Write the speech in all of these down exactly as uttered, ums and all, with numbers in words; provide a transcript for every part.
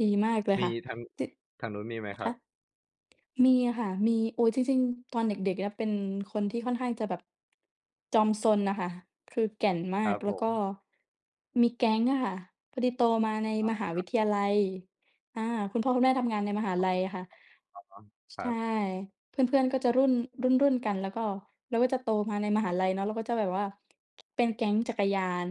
ดีมากเลยมคี่ะ ทาง ติด ทางนู้นมีไหมคครัะ? บ? มีค่ะ มี โอ้ จริง ๆ ตอนเด็ก ๆ เนี่ย เป็นคนที่ค่อนข้างจะแบบ จอมซนน่ะค่ะ คือแก่นมคารักบแลผ้วก็ ม มีแก๊งอะค่ะ พอดีโตมาในอ๋อ มหาควรับ ิทยาลัย อา คุณพ่อคุณแม่ทำงานในมหาอ้อ ลัยอะค่ะ อ้อ อ๋อ ช ครใชับ ่ เพื่อน ๆ ก็จะรุ่น รุ่น ๆ กัน แล้วก็ เราก็จะโตมาในมหาลัยเนาะ เราก็จะแบบว่า เป็นแก๊งจักรยาน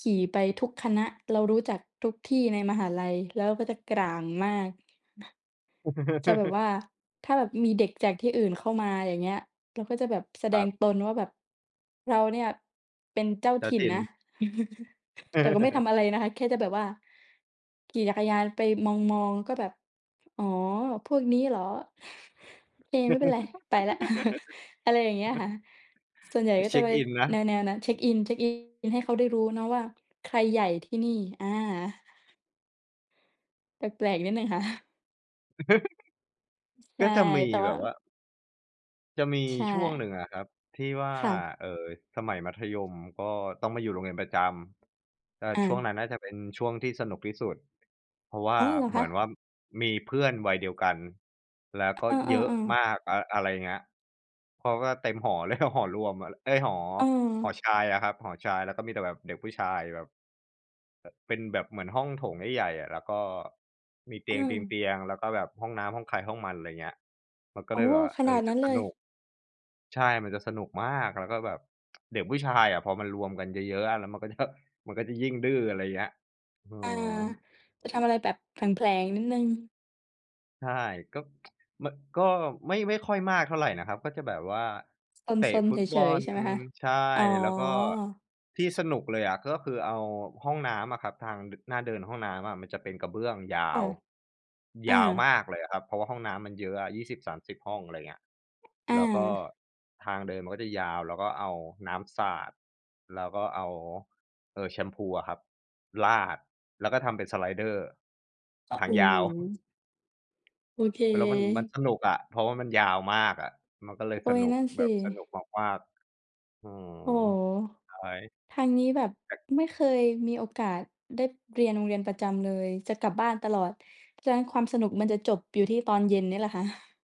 ขี่ไปอะทุกคฮะ ณะ เรารู้จักทุกที่ในมหาลัย แล้วก็จะกร่างมาก จะแบบว่า ถ้าแบบมีเด็กจากที่อื่นเข้ามา อย่างเงี้ย เราก็จะแบบแสคดรังบ ตนว่า แบบ เราเนี่ย เป็นเจ้าเจ้ถาิ่นถิ่น นะ แต่ก็ไม่ทำอะไรนะคะ แค่จะแบบว่า ขี่จักรยานไปมอง ๆ ก็แบบ "อ๋อ พวกนี้เหรอ? โอเค ไม่เป็นไร ไปแล้ว" อะไรอย่างเงี้ยค่ะ ส่วนใหญ่ไปก็เชจะ็กไปอินนะ แนว ๆ นั้น เช็กอิน เช็กอินให้เขาได้รู้เนาะว่า ใครใหญ่ที่นี่ อา แปลก ๆ นิดหนึ่ง ค่ะ ใชก่ ็จะมีแต่แวบ่า บว่า จะมีใชช่วงห่ นึ่งอะครับที่ว่า ค่ะ เอ่อ สมัยมัธยม ก็ต้องไปอยู่โรงเรียนประจำ ก็อช่วงนา ั้นน่าจะเป็นช่วงที่สนุกที่สุด เพราะว่อา๋อ เหรอเหคมืะ? อนว่า มีเพื่อนวัยเดียวกัน แล้วกเ็อเยอะอ มๆ ๆ าก อะ อะไรเงี้ย เพราะว่าเต็มหอ เลย หอรวมอะแหละ เอ๊ย หอ เหอออ ชายอะครับ หอชาย แล้วก็มีแต่แบบเด็กผู้ชายแบบ อ เป็นแบบเหมือนห้องโถงใหญ่ ๆ อะ แล้วก็ มีเตอืม ียง ๆ ๆ แล้วก็แบบห้องน้ำห้องใครห้องมัน ไรเงี้ย มันก็โอเ้ ลยแบบว่า ขเอนาอ ดจนัะ้น สเลนย ุก ใช่ มันจะสนุกมาก แล้วก็แบบ เด็กผู้ชายอะพอมันรวมกันเยอะ ๆ อะ แล้วมันก็ จะ มันก็จะยิ่งดื้อ อะไรเงี้ย เออา อ จะทำอะไรแบบแผลง ๆ นิดหนึ่ง ใช่ ก็ มัน ก็ไม่ ไม่ค่อยมากเท่าไรนะครับ ก็จะแบบว่า เตะซน ฟๆ ุเตบฉอย ล ๆ ใช่ไหมคะ? ใช่ อ๋อ แล้วก็ ที่สนุกเลยอะ ก็คือเอา ห้องน้ำอะครับ ทาง ด หน้าเดินห้องน้ำอะ มันจะเป็นกระเบื้องยาค่ะ ว อยา าวมากเลยอะครับ เพราะว่าห้องน้ำมันเยอะอะ ยี่สิบสามสิบ ห้อง อะไรเงี้ย อแา ล้วก็ทางเดินมันก็จะยาว เราก็เอาน้ำสาด แล้วก็เอา เอ่อ แชมพูอะครับ ราดแล้วก็ทำเป็นสไลเดอร์อ ทาโอง้ยโาว ฮ! โอเแล้วมัน มันค สนุกอะ เพราะมันยาวมากอะ มันก็เลยอสุ๊ย นุนก ั่นสแบบิ สนุกมาก ๆ อืม โอ้โฮ! ใช่ ทางนี้แบบแต่ ไม่เคยมีโอกาสเด๊ด เรียนโรงเรียนประจำเลย จะกลับบ้านตลอด เพราะฉะนั้น ความสนุก มันจะจบอยู่ที่ตอนเย็นเนี่ยแหละค่ะ